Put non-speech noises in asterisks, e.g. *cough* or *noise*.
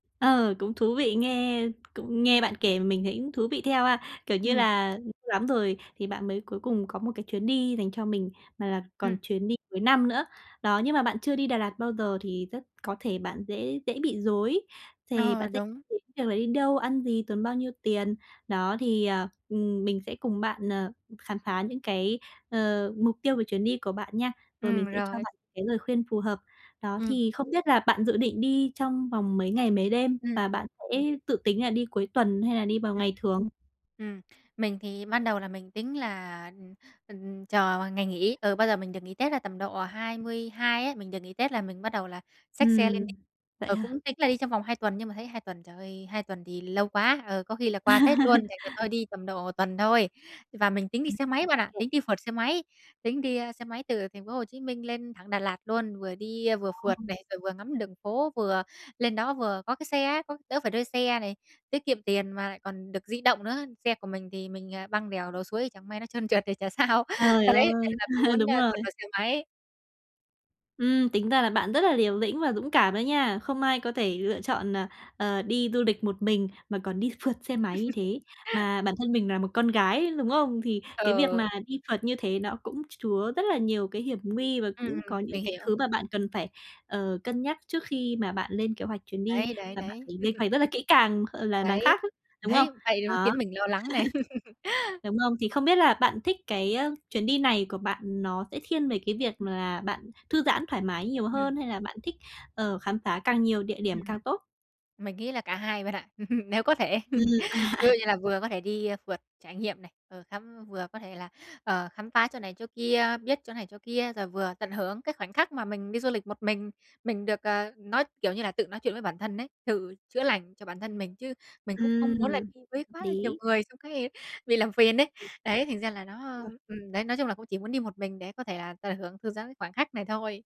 Ờ, cũng thú vị, nghe cũng nghe bạn kể mình thấy cũng thú vị theo ha. Kiểu như Ừm. là *unintelligible* lắm rồi thì bạn mới cuối cùng có một cái chuyến đi dành cho mình, mà là còn Ừm. chuyến đi cuối năm nữa. Đó, nhưng mà bạn chưa đi Đà Lạt bao giờ thì rất có thể bạn dễ dễ bị rối, thì bạn Ờ, sẽ đúng. tiếp theo là đi đâu, ăn gì, tốn bao nhiêu tiền. Đó, thì, ờ, ừm, mình sẽ cùng bạn, ờ, khám phá những cái, ờ, mục tiêu về chuyến đi của bạn nha. Rồi mình Ừm, sẽ cho rồi. bạn cái lời khuyên phù hợp. Đó, Ừm. thì không biết là bạn dự định đi trong vòng mấy ngày, mấy đêm? Ừm, Và ừm. bạn sẽ dự tính là đi cuối tuần hay là đi vào Ừm. ngày thường? Ừm, mình thì ban đầu là mình tính là, ừm, ừm, chờ ngày nghỉ. Ừ, bao giờ mình được nghỉ Tết là tầm độ 22 ấy, mình được nghỉ Tết là mình bắt đầu là xách xe lên Ừm, đi. vậy Ờ, cũng hả? tính là đi trong vòng 2 tuần nhưng mà thấy 2 tuần, trời ơi, 2 tuần thì lâu quá, ờ, có khi là qua Tết luôn, thành ra *laughs* thôi đi tầm độ tuần thôi. Và mình tính đi Ừm, xe máy bạn ô ạ, kê. tính đi phượt xe máy, tính đi, ơ, xe máy từ thành phố Hồ Chí Minh lên thẳng Đà Lạt luôn. Vừa đi vừa phượt Ồ! này, rồi vừa ngắm đường phố vừa lên đó vừa có cái xe á, có đỡ phải thuê xe này, tiết kiệm tiền mà lại còn được di động nữa. Xe của mình thì mình, à, băng đèo lội suối chẳng may nó trơn trượt thì chả sao. Trời Đấy thế ơi! là *laughs* muốn, Đúng a, phượt rồi. bằng xe máy. Ừm, tính ra là bạn rất là liều lĩnh và dũng cảm đó nha. Không ai có thể lựa chọn, ờ, ờ, đi du lịch một mình, mà còn đi phượt xe máy như thế. *laughs* Mà bản thân mình là một con gái, đúng không? Thì cái việc Ờ. mà đi phượt như thế nó cũng chứa rất là nhiều cái hiểm nguy, và Ừm, cũng ừm, có những mình cái hiểu. thứ mà bạn cần phải, ờ, cân nhắc trước khi mà bạn lên kế hoạch chuyến đi. Đấy, đấy, Và bạn đấy. phải lên *laughs* hoạch rất là kỹ càng, ờ, là đằng Đấy, khác á, đúng không? thấy vậy nó Đó. khiến *laughs* mình lo lắng này. *laughs* Đúng không? Thì không biết là bạn thích cái, ơ, chuyến đi này của bạn nó sẽ thiên về cái việc *unintelligible* là bạn thư giãn thoải mái nhiều Ừm. hơn, hay là bạn thích, ờ, khám phá càng nhiều địa Ừm, điểm ừm. càng tốt? Mình nghĩ là cả 2 bạn ạ, *laughs* nếu có thể. Ừm, *laughs* à, Ví à. dụ như là vừa có thể đi phượt trải nghiệm này, vừa khám vừa có thể là, ờ, khám phá chỗ này chỗ kia, biết chỗ này chỗ kia, rồi vừa tận hưởng cái khoảnh khắc mà mình đi du lịch một mình. Mình được, ờ, nói kiểu như là, tự nói chuyện với bản thân ấy, tự chữa lành cho bản thân mình, chứ mình cũng không Ừm, muốn là đi với hợp quá là nhiều lý. người trong xong cái bị làm phiền ấy. *unintelligible* Đấy, thành ra là nó *unintelligible* ừm, đấy nói chung là cũng chỉ muốn đi một mình để có thể, à, tận hưởng thư giãn cái khoảng khắc này thôi.